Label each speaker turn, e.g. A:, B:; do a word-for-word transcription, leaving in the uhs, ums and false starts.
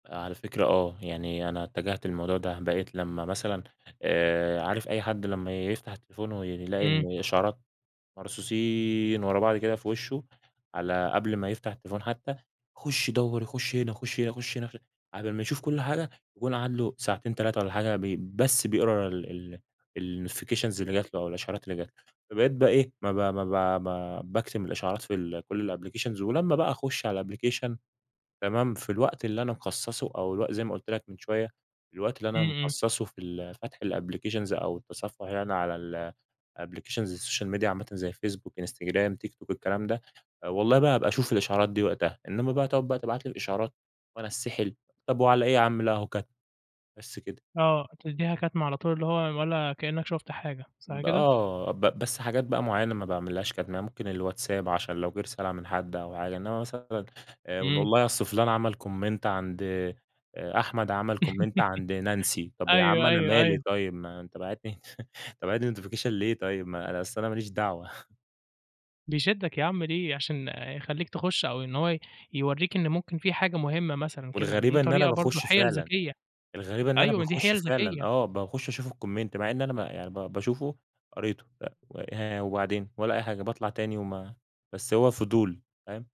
A: آآ، على فكرة، آه، يعني أنا اتجهت للموضوع ده، بقيت لما مثلًا آآ، عارف أي حد لما يفتح التليفون ويلاقي
B: إمم.
A: إن إشعارات مرصوصين ورا بعض كده في وشه، على قبل ما يفتح التليفون حتى، يخش يدوّر، يخش هنا، يخش هنا، يخش هنا، [unintelligible] على بال ما يشوف كل حاجة يكون قعد له ساعتين، تلاتة والَّا حاجة بس بيقرا ال ال الNotifications اللي جات له أو الإشعارات اللي جات له. فبقيت بقى إيه، ما ب ما ب ب باكتم الإشعارات في كل الApplications ولما بقى أخش على الApplication، تمام، في الوقت اللي أنا مخصصه أو الوق زي ما قلت لك من شوية، الوقت اللي
B: إمم،
A: أنا
B: إمم.
A: مخصصه في ال فتح الApplications أو التصفح يعني أنا على ال Applications social media عامةً زي الفيسبوك، إنستجرام، تيك توك، الكلام ده، والله بقى هابقى أشوف الإشعارات دي وقتها، إنما بقى تقعد تبعت لي الإشعارات، وأنا أتسحل، طب وعلى إيه يا عم، لأ، أهو كتم. بس كده.
B: آه، تديها كتم على طول، اللي هو ولا كأنك شفت حاجة، صح كده؟
A: آه ب بس حاجات بقى معينة ما باعملهاش كتم، يعنى ممكن الواتساب عشان لو جه رسالة من حد أو حاجة. إنما مثلًا آآ،
B: إمم.
A: والله أصل فلان عمل Comment عند أحمد عمل Comment عند نانسي، طب يا عم
B: أيوه،
A: أنا
B: أيوه،
A: مالي
B: أيوه.
A: طيب، ما أنت باعت لي، أنت باعت لي Notification ليه طيب؟! ما أصل أنا ماليش دعوة.
B: بيشدك يا عم، ليه، عشان يخليك تخش أو إن هو ي يوريّك إن ممكن في حاجة مهمة مثلًا كده. دي
A: والغريبة إن أنا
B: طريقة برضه،
A: باخش
B: حيل
A: فعلًا
B: ذكية
A: الغريبة إن أنا
B: أيوة ما دي
A: باخش
B: حيل
A: فعلًا،
B: ذكية.
A: آه، باخش أشوف الComment مع إن أنا ما يعني ب باشوفه قريته، أ و ها، وبعدين ولا أي حاجة، باطلع تاني وما بس هو فضول، فاهم؟